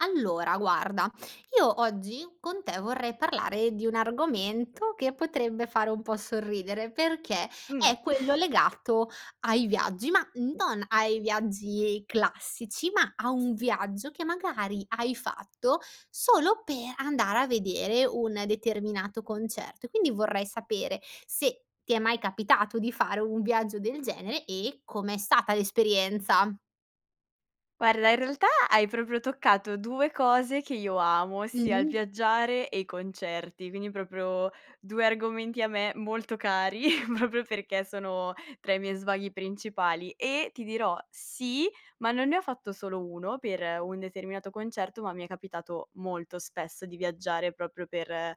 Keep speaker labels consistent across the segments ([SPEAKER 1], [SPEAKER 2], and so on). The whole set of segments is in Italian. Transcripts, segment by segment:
[SPEAKER 1] Allora guarda, io oggi con te vorrei parlare di un argomento che potrebbe fare un po' sorridere, perché
[SPEAKER 2] Mh.
[SPEAKER 1] è quello legato ai viaggi. Ma non ai viaggi classici, ma a un viaggio che magari hai fatto, solo per andare a vedere un determinato concerto. E quindi vorrei sapere, se ti è mai capitato di fare un viaggio del genere e come è stata l'esperienza?
[SPEAKER 2] Guarda, in realtà, hai proprio toccato 2 cose che io amo, ossia il
[SPEAKER 1] Mh-mh.
[SPEAKER 2] viaggiare e i concerti. Quindi, proprio 2 argomenti a me molto cari, proprio perché sono tra i miei svaghi principali. E ti dirò, sì, ma non ne ho fatto solo uno, per un determinato concerto, ma mi è capitato molto spesso di viaggiare proprio per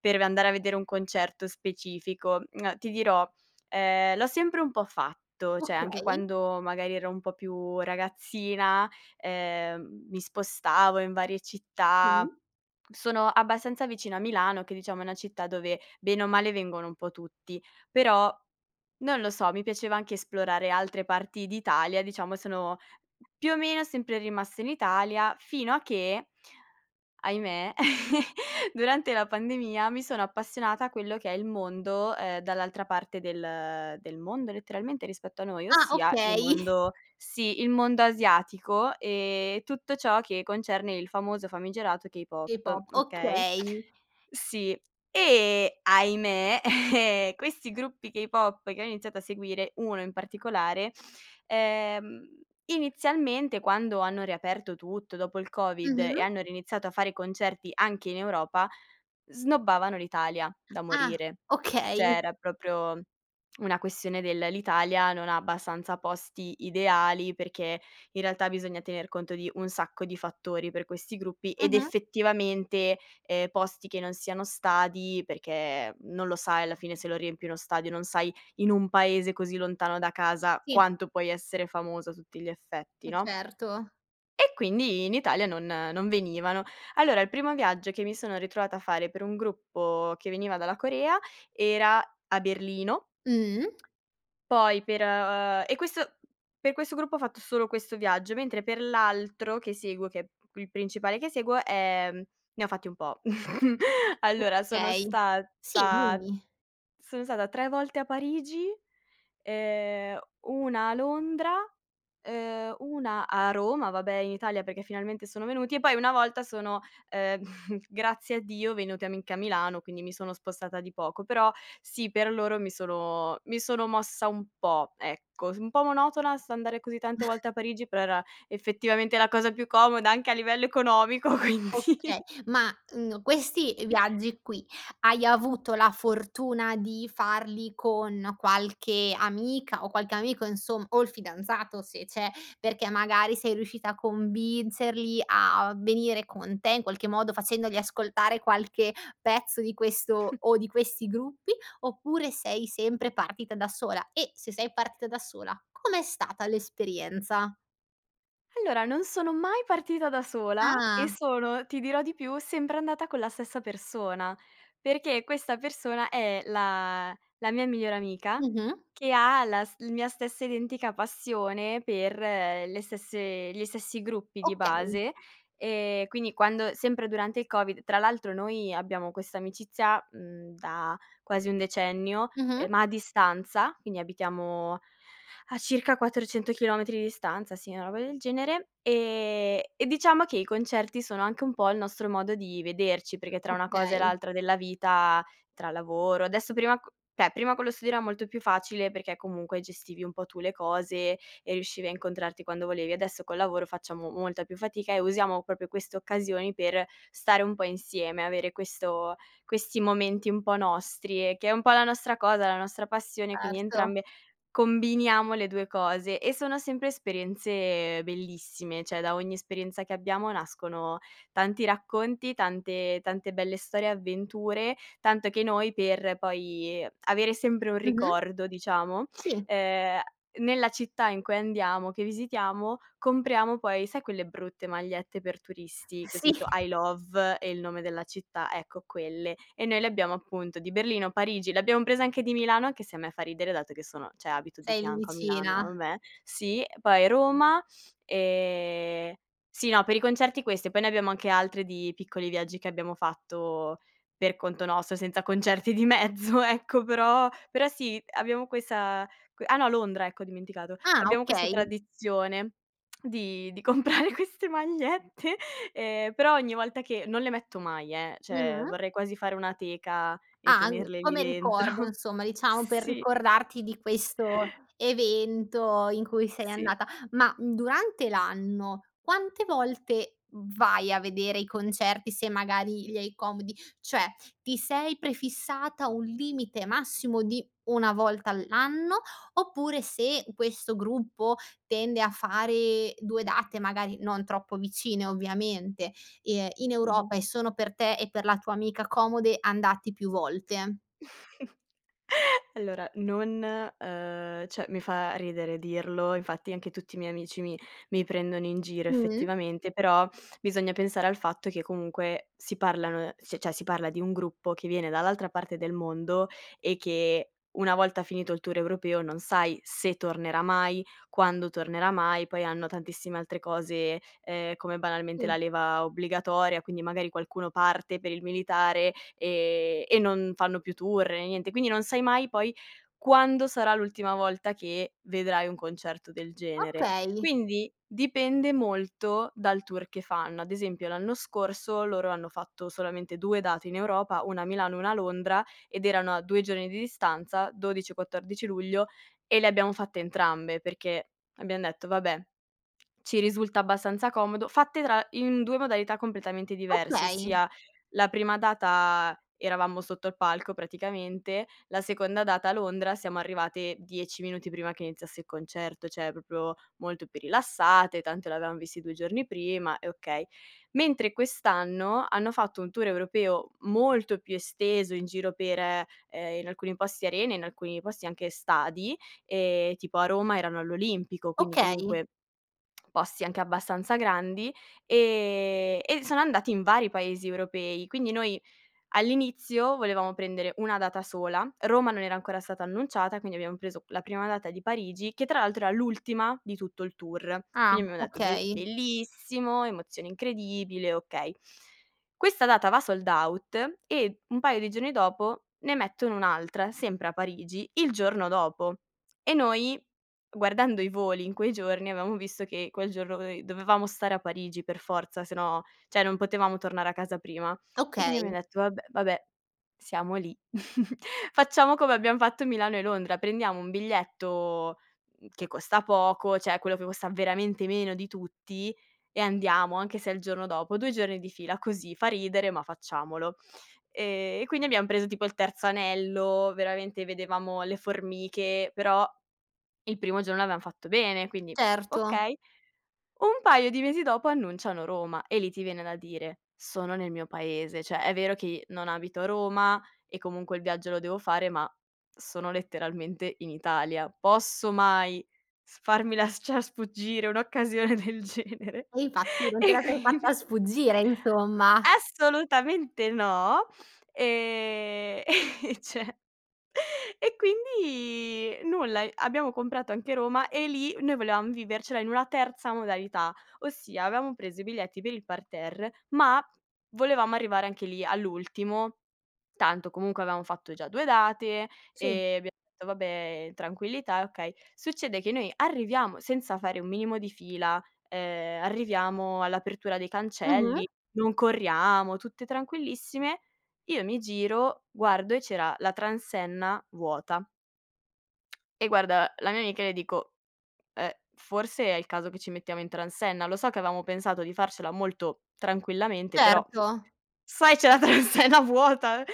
[SPEAKER 2] per v andare a vedere un concerto specifico. Uhm, ti dirò, ehm, l'ho sempre un po' fatto. Cioè anche
[SPEAKER 1] Okay.
[SPEAKER 2] quando, magari, ero un po' più ragazzina, ehm, mi spostavo in varie città.
[SPEAKER 1] Sì.
[SPEAKER 2] Sono abbastanza vicina a Milano che, diciamo, è una città dove, bene o male, vengono un po' tutti. Però, non lo so, mi piaceva anche esplorare altre parti d'Italia. Diciamo, sono più o meno sempre rimasta in Italia, fino a che ahimè, durante la pandemia mi sono appassionata a quello che è il mondo, ehm, dall'altra parte del del mondo, letteralmente, rispetto a noi.
[SPEAKER 1] Ah,
[SPEAKER 2] Ossia il
[SPEAKER 1] okay.
[SPEAKER 2] mondo sì, il mondo asiatico e tutto ciò che concerne il famoso, famigerato K-pop,
[SPEAKER 1] K-pop,
[SPEAKER 2] okay.
[SPEAKER 1] okay.
[SPEAKER 2] Sì e ahimè, questi gruppi K-pop che ho iniziato a seguire, uno in particolare ehm, inizialmente, quando hanno riaperto tutto dopo il Covid e
[SPEAKER 1] Mh-mh.
[SPEAKER 2] hanno riniziato a fare concerti anche in Europa, snobbavano l'Italia, da
[SPEAKER 1] Ah,
[SPEAKER 2] morire. Cioè
[SPEAKER 1] okay.
[SPEAKER 2] era proprio una questione del: l'Italia non ha abbastanza posti ideali, perché, in realtà, bisogna tener conto di un sacco di fattori per questi gruppi, ed
[SPEAKER 1] Mh-mh.
[SPEAKER 2] effettivamente, ehm, posti che non siano stadi, perché non lo sai, alla fine, se lo riempi uno stadio, non sai, in un paese così lontano da casa,
[SPEAKER 1] Sì.
[SPEAKER 2] quanto puoi essere famoso a tutti gli effetti,
[SPEAKER 1] Eh,
[SPEAKER 2] no.
[SPEAKER 1] certo.
[SPEAKER 2] E quindi in Italia non non venivano. Allora, il primo viaggio che mi sono ritrovata a fare per un gruppo che veniva dalla Corea, era a Berlino.
[SPEAKER 1] Mh.
[SPEAKER 2] Poi per ehm e questo per questo gruppo ho fatto solo questo viaggio, mentre per l'altro che seguo, che è il principale che seguo, ehm, ne ho fatti un po'. Allora sono
[SPEAKER 1] Okay sì,
[SPEAKER 2] stata
[SPEAKER 1] dimmi.
[SPEAKER 2] sono stata tre volte a Parigi, ehm, una a Londra, ehm, una a Roma, vabbè, in Italia perché finalmente sono venuti. E poi una volta sono, ehm, grazie a Dio venuti a Mi anche a Milano, quindi mi sono spostata di poco. Però sì, per loro mi sono, mi sono mossa un po', ecco. Un po' monotona s andare così tante volte a Parigi, però era effettivamente la cosa più comoda, anche a livello economico, quindi
[SPEAKER 1] Oka ma, uhm, questi viaggi qui, hai avuto la fortuna di farli con qualche amica, o qualche amico, insom o il fidanzato, se c'è. Perché magari sei riuscita a convincerli a venire con te, in qualche modo, facendogli ascoltare qualche pezzo di questo o di questi gruppi. Oppure sei sempre partita da sola? E se sei partita da sola, com'è stata l'esperienza?
[SPEAKER 2] Allora, non sono mai partita da sola e
[SPEAKER 1] Ah.
[SPEAKER 2] sono, ti dirò di più, sempre andata con la stessa persona, perché questa persona è la la mia migliore amica,
[SPEAKER 1] Mh-mh.
[SPEAKER 2] che ha la st la mia stessa identica passione per le stesse gli stessi gruppi di
[SPEAKER 1] Okay.
[SPEAKER 2] base. E quindi quando, sempre durante il Covid tra l'altro, noi abbiamo questa amicizia, mhmm, da quasi un decennio,
[SPEAKER 1] Mh-mh.
[SPEAKER 2] ehm, ma a distanza, quindi abitiamo a circa 400 chilometri di distanza, sì, una roba del genere, ehm, e diciamo che i concerti sono anche un po' il nostro modo di vederci. Perché tra una cosa e
[SPEAKER 1] Okay.
[SPEAKER 2] l'altra della vita, tra lavoro, adesso, prima co cioè prima con lo studio era molto più facile perché, comunque, gestivi un po' tu le cose e riuscivi a incontrarti quando volevi. Adesso col lavoro, facciamo molta più fatica, e usiamo proprio queste occasioni per stare un po' insieme, avere questo questi momenti un po' nostri e che è un po' la nostra cosa, la nostra passione, quindi
[SPEAKER 1] Certo.
[SPEAKER 2] entrambe combiniamo le 2 cose e sono sempre esperienze bellissime. Cioè, da ogni esperienza che abbiamo, nascono tanti racconti, tante tante belle storie e avventure. Tanto che noi per poi avere sempre un
[SPEAKER 1] Mh-mh.
[SPEAKER 2] ricordo, diciamo,
[SPEAKER 1] Sì.
[SPEAKER 2] ehm, nella città in cui andiamo, che visitiamo, compriamo poi, sai, quelle brutte magliette per turisti con
[SPEAKER 1] Sì.
[SPEAKER 2] scritto: "I love e il nome della città" ecco quelle. E noi le abbiamo, appunto, di Berlino, Parigi, le abbiam prese anche di Milano, anche se a me fa ridere dato che sono cioè abito di
[SPEAKER 1] Sei lì
[SPEAKER 2] fianco a Milano,
[SPEAKER 1] vicina.
[SPEAKER 2] ma vabbè, sì. Poi Roma, e sì, no, per i concerti queste, poi ne abbiamo anche altre di piccoli viaggi che abbiamo fatto per conto nostro, senza concerti di mezzo, ecco, però però sì, abbiamo questa que ah no, Londra, ecco, ho dimenticato.
[SPEAKER 1] Ah,
[SPEAKER 2] Abbiamo questa
[SPEAKER 1] okay.
[SPEAKER 2] tradizione di di comprare queste magliette, ehm, però ogni volta che non le metto mai, eh, cioè
[SPEAKER 1] Mh-mh.
[SPEAKER 2] vorrei quasi fare una teca e
[SPEAKER 1] Ah, mhmm,
[SPEAKER 2] tenerle lì
[SPEAKER 1] come ricordo,
[SPEAKER 2] dentro
[SPEAKER 1] insomma, diciamo, per
[SPEAKER 2] sì.
[SPEAKER 1] ricordarti di questo evento in cui sei
[SPEAKER 2] Sì.
[SPEAKER 1] andata. Ma, mhmm, durante l'anno, quante volte vai a vedere i concerti, se magari li hai comodi? Cioè ti sei prefissata un limite massimo di una volta all'anno? Oppure, se questo gruppo tende a fare 2 date, magari non troppo vicine, ovviamente, ehm, in
[SPEAKER 2] Mh-mh.
[SPEAKER 1] Europa e sono per te e per la tua amica comode, andati più volte?
[SPEAKER 2] Allora, non ehm, cioè mi fa ridere dirlo. Infatti, anche tutti i miei amici mi mi prendono in giro,
[SPEAKER 1] Mh.
[SPEAKER 2] effettivamente, però bisogna pensare al fatto che comunque, si parlano, c cioè si parla di un gruppo che viene dall'altra parte del mondo e che, una volta finito il tour europeo, non sai se tornerà mai, quando tornerà mai. Poi hanno tantissime altre cose, ehm, come, banalmente,
[SPEAKER 1] Sì.
[SPEAKER 2] la leva obbligatoria. Quindi, magari qualcuno parte per il militare, e e non fanno più tour né niente. Quindi non sai mai, poi, quando sarà l'ultima volta che vedrai un concerto del genere.
[SPEAKER 1] Okay.
[SPEAKER 2] Quindi dipende molto, dal tour che fanno. Ad esempio, l'anno scorso loro hanno fatto solamente 2 date in Europa, una a Milano e una a Londra, ed erano a 2 giorni di distanza, 12 e 14 luglio. E le abbiamo fatte entrambe, perché abbiam detto: "Vabbè, ci risulta abbastanza comodo". Fatte tra in 2 modalità completamente diverse.
[SPEAKER 1] Okay.
[SPEAKER 2] Ossia, la prima data eravamo sotto il palco, praticamente. La seconda data a Londra siamo arrivate, 10 minuti prima che iniziasse il concerto. Cioè proprio molto più rilassate, tanto l'avevam visti 2 giorni prima e okay. Mentre quest'anno, hanno fatto un tour europeo molto più esteso, in giro per, ehm, in alcuni posti arene, in alcuni posti anche stadi. Ehm, tipo a Roma erano all'Olimpico, quindi,
[SPEAKER 1] Okay.
[SPEAKER 2] comunque, posti anche abbastanza grandi, ehm, e sono andati in vari paesi europei. Quindi noi, all'inizio, volevamo prendere una data sola. Roma non era ancora stata annunciata, quindi abbiam preso la prima data di Parigi che, tra l'altro, era l'ultima di tutto il tour.
[SPEAKER 1] Ah,
[SPEAKER 2] Quindi abbiamo detto: "Be
[SPEAKER 1] okay.
[SPEAKER 2] bellissimo, emozione incredibile, okay". Questa data va sold out e un paio di giorni dopo, ne mettono un'altra, sempre a Parigi, il giorno dopo. E noi, guardando i voli in quei giorni, avevamo visto, che quel giorno noi dovevamo stare a Parigi per forza, se no, cioè non potevamo tornare a casa prima. E quindi
[SPEAKER 1] Okay.
[SPEAKER 2] abbiamo detto: "Vab vabbè, siamo lì. Facciamo come abbiam fatto Milano e Londra, prendiamo un biglietto, mhmm, che costa poco. Cioè quello che costa veramente meno di tutti,e andiamo, anche se è il giorno dopo, 2 giorni di fila così fa ridere, ma facciamolo". Ehm, e quindi abbiam preso tipo il terzo anello, veramente vedevamo le formiche, però il primo giorno l'avevam fatto bene, quindi
[SPEAKER 1] Certo.
[SPEAKER 2] okay. Un paio di mesi dopo annunciano Roma, e lì ti viene da dire: "Sono nel mio paese. Cioè è vero che non abito a Roma e, comunque, il viaggio lo devo fare, ma sono letteralmente in Italia. Posso mai farmi las ciar sfuggire un'occasione del genere".
[SPEAKER 1] E infatti, non te
[SPEAKER 2] E
[SPEAKER 1] la sei
[SPEAKER 2] quindi
[SPEAKER 1] fatta sfuggire, insomma.
[SPEAKER 2] Assolutamente no! Ehm, e cioè e quindi nulla, ehm, abbiamo comprato anche Roma e lì noi volevam vivercela in una terza modalità. Ossia, avevamo preso i biglietti per il parterre, ma volevamo arrivare anche lì all'ultimo tanto, comunque, avevamo fatto già due date
[SPEAKER 1] Sì.
[SPEAKER 2] e abbiam detto: "Vabbè, in tranquillità e okay". Succede che noi arriviamo senza fare un minimo di fila, ehm, arriviamo all'apertura dei
[SPEAKER 1] Mh-mh.
[SPEAKER 2] cancelli, non corriamo, tutte tranquillissime. Io mi giro, guardo e c'era la transenna vuota. E guarda la mia amica e le dico: "Ehm, forse è il caso che ci mettiamo in transenna. Lo so che avevamo pensato di farcela molto tranquillamente, però,
[SPEAKER 1] Certo.
[SPEAKER 2] sai, c'è la transenna vuota".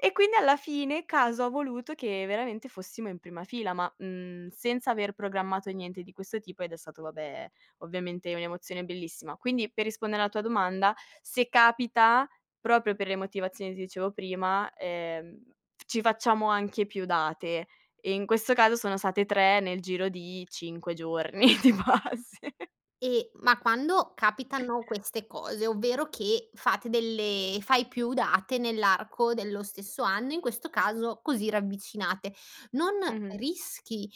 [SPEAKER 2] E quindi, alla fine, caso ha voluto che veramente fossimo in prima fila, ma, mhmm, senza aver programmato niente di questo tipo. Ed è stato, vabbè, ovviamente un'emozione bellissima. Quindi, per rispondere alla tua domanda: se capita, proprio per le motivazioni ti dicevo prima, ehm, ci facciamo anche più date. E, in questo caso, sono state 3 nel giro di 5 giorni, di base.
[SPEAKER 1] E ma quando capitano queste cose, ovvero che fate delle fai più date nell'arco dello stesso anno, in questo caso così ravvicinate, non
[SPEAKER 2] Mh-mh.
[SPEAKER 1] rischi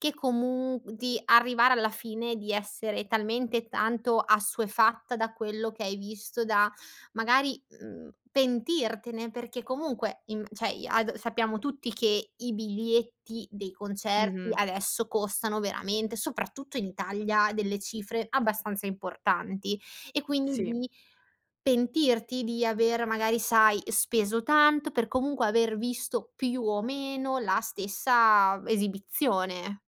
[SPEAKER 1] che, comu di arrivare alla fine di essere talmente tanto assuefatta da quello che hai visto da, magari, mhmm, pentirtene? Perché, comunque, in cioè i ad sappiamo tutti che i biglietti dei concerti
[SPEAKER 2] Mh-mh.
[SPEAKER 1] adesso costano veramente, soprattutto in Italia, delle cifre abbastanza importanti. E, quindi,
[SPEAKER 2] Sì.
[SPEAKER 1] di pentirti di aver, magari sai, speso tanto per comunque, aver visto più o meno la stessa esibizione?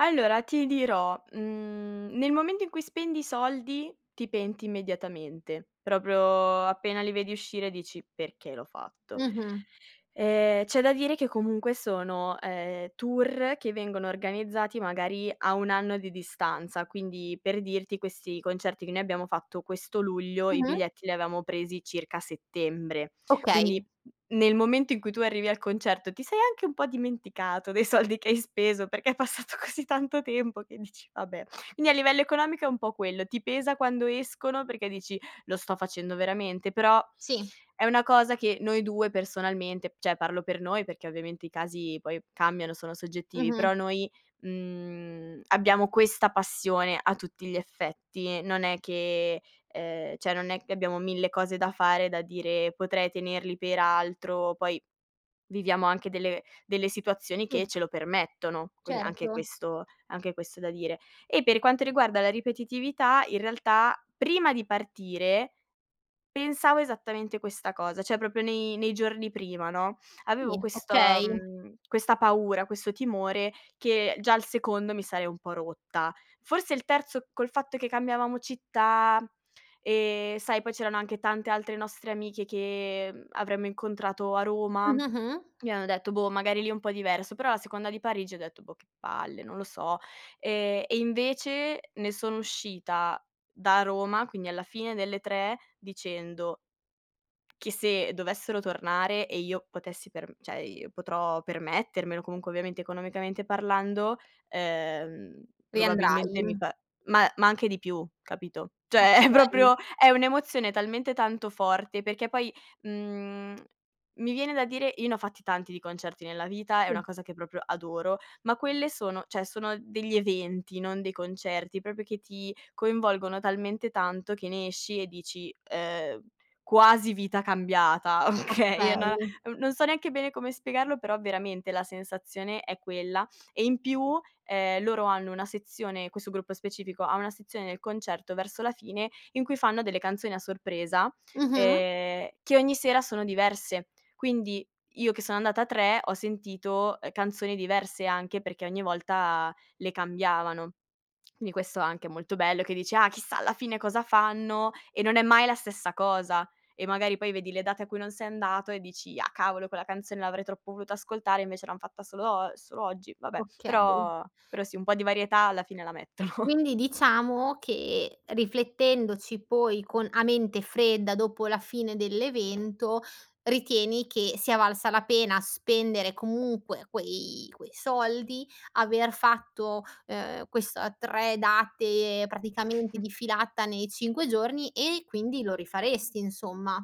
[SPEAKER 2] Allora ti dirò, mhmm, nel momento in cui spendi i soldi, ti penti immediatamente. Proprio appena li vedi uscire dici: "Perché l'ho fatto?"
[SPEAKER 1] Mh-mh.
[SPEAKER 2] Ehm, c'è da dire che, comunque, sono, ehm, tour che vengono organizzati, magari, a 1 anno di distanza. Quindi, per dirti, questi concerti che noi abbiamo fatto questo luglio, i
[SPEAKER 1] Mh-mh.
[SPEAKER 2] biglietti li avevamo presi circa a settembre.
[SPEAKER 1] Okay.
[SPEAKER 2] Quindi, n nel momento in cui tu arrivi al concerto, ti sei anche un po' dimenticato dei soldi che hai speso, perché è passato così tanto tempo che dici: "Vabbè". Quindi, a livello economico, è un po' quello. Ti pesa quando escono perché dici: "Lo sto facendo veramente?" Però
[SPEAKER 1] Sì.
[SPEAKER 2] è una cosa che noi due, personalmente cioè parlo per noi perché, ovviamente, i casi poi cambiano, sono soggettivi,
[SPEAKER 1] Mh-mh.
[SPEAKER 2] però noi, mhmm, abbiamo questa passione a tutti gli effetti. Non è che, ehm, cioè non è che abbiamo 1000 cose da fare, da dire: "Potrei tenerli per altro". Poi viviamo anche delle delle situazioni che
[SPEAKER 1] Sì.
[SPEAKER 2] ce lo permettono, quindi anche
[SPEAKER 1] Certo.
[SPEAKER 2] questo anche questo è da dire. E per quanto riguarda la ripetitività, in realtà, prima di partire pensavo esattamente questa cosa. Cioè proprio nei, nei giorni prima, no.
[SPEAKER 1] Sì,
[SPEAKER 2] Avevo questo,
[SPEAKER 1] okay.
[SPEAKER 2] mhmm, questa paura, questo timore che già al secondo mi sarei un po' rotta. Forse il terzo, col fatto che cambiavamo città ehm, sai, poi c'erano anche tante altre nostre amiche che, uhm, avremmo incontrato a Roma,
[SPEAKER 1] Mh, mh-mh.
[SPEAKER 2] quin abbiamo detto: boh, magari lì è un po' diverso. Però la seconda di Parigi ho detto: "Boh, che palle, non lo so, ehm", e invece ne sono uscita da Roma, quindi alla fine delle tre, dicendo che se dovessero tornare e io potessi per cioè potrò permettermelo, comunque, ovviamente, economicamente parlando, ehm, probabilmente mi
[SPEAKER 1] Riandrai.
[SPEAKER 2] pa ma ma anche di più, capito. Cioè è
[SPEAKER 1] Okay.
[SPEAKER 2] proprio, è un'emozione talmente tanto forte perché, poi, mhmm, mi viene da dire: "Io ne ho fatti tanti di concerti nella vita, è
[SPEAKER 1] Sì.
[SPEAKER 2] una cosa che proprio adoro". Ma quelle sono, cioè sono degli eventi, non dei concerti, proprio che ti coinvolgono talmente tanto che ne esci e dici: "Uhm, quasi vita cambiata". Okay, è
[SPEAKER 1] Okay.
[SPEAKER 2] na non so neanche bene come spiegarlo, però, veramente, la sensazione è quella. E, in più, ehm, loro hanno una sezione questo gruppo specifico, ha una sezione del concerto verso la fine, in cui fanno delle canzoni a sorpresa,
[SPEAKER 1] Mh-mh.
[SPEAKER 2] ehm, che ogni sera sono diverse. Quindi io che sono andata a 3, ho sentito, uhm ,canzoni diverse anche perché ogni volta le cambiavano. Quindi questo anche è molto bello, che dici: "Ah chissà alla fine cosa fanno?" E non è mai la stessa cosa. E magari poi vedi le date a cui non sei andato e dici: "Ah, cavolo, quella canzone l'avrei troppo voluta ascoltare, invece l'han fatta solo og solo oggi, vabbè".
[SPEAKER 1] Okay.
[SPEAKER 2] Però, però sì, un po' di varietà, alla fine, la mettono.
[SPEAKER 1] Quindi diciamo che, riflettendoci poi con a mente fredda dopo la fine dell'evento, ritieni che sia valsa la pena spendere, comunque quei quei soldi, aver fatto, ehm, questa 3 date, praticamente, di filata nei 5 giorni e quindi, lo rifaresti insomma?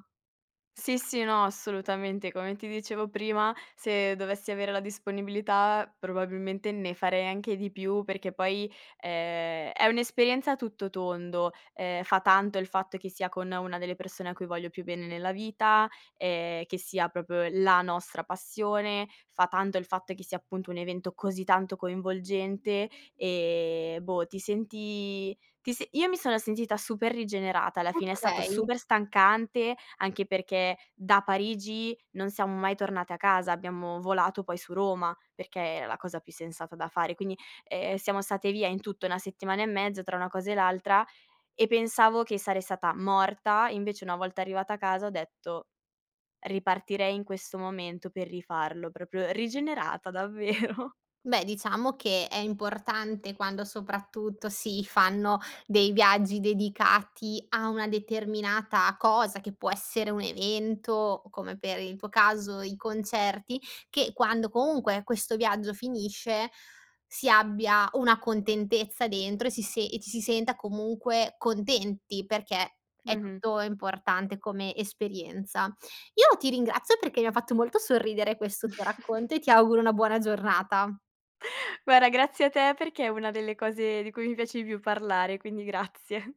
[SPEAKER 2] Sì, sì, no, assolutamente. Come ti dicevo prima, se dovessi avere la disponibilità, probabilmente, ne farei anche di più. Perché, poi, ehm, è un'esperienza a tutto tondo. Ehm, fa tanto il fatto che sia con una delle persone a cui voglio più bene nella vita, ehm, che sia proprio la nostra passione. Fa tanto il fatto che sia, appunto, un evento così tanto coinvolgente. E, boh, ti senti, ti se io mi sono sentita super rigenerata. Alla fine, è stato
[SPEAKER 1] Okay.
[SPEAKER 2] super stancante, anche perché da Parigi non siamo mai tornate a casa. Abbiamo volato, poi, su Roma, perché era la cosa più sensata da fare. Quindi, ehm, siamo state via, in tutto 1 settimana e mezza, tra una cosa e l'altra. E pensavo che sarei stata morta, invece, una volta arrivata a casa, ho detto: "Ripartirei in questo momento per rifarlo". Proprio rigenerata, davvero.
[SPEAKER 1] Beh, diciamo che è importante quando, soprattutto si fanno dei viaggi dedicati a una determinata cosa, che può essere un evento o, come per il tuo caso i concerti, che quando, comunque, questo viaggio finisce, si abbia una contentezza dentro e si se e ci si senta, comunque contenti, perché è
[SPEAKER 2] Mh-mh.
[SPEAKER 1] tutto importante come esperienza. Io ti ringrazio perché mi ha fatto molto sorridere questo tuo racconto e ti auguro una buona giornata.
[SPEAKER 2] Guarda, grazie a te, perché è una delle cose di cui mi piace di più parlare, quindi grazie.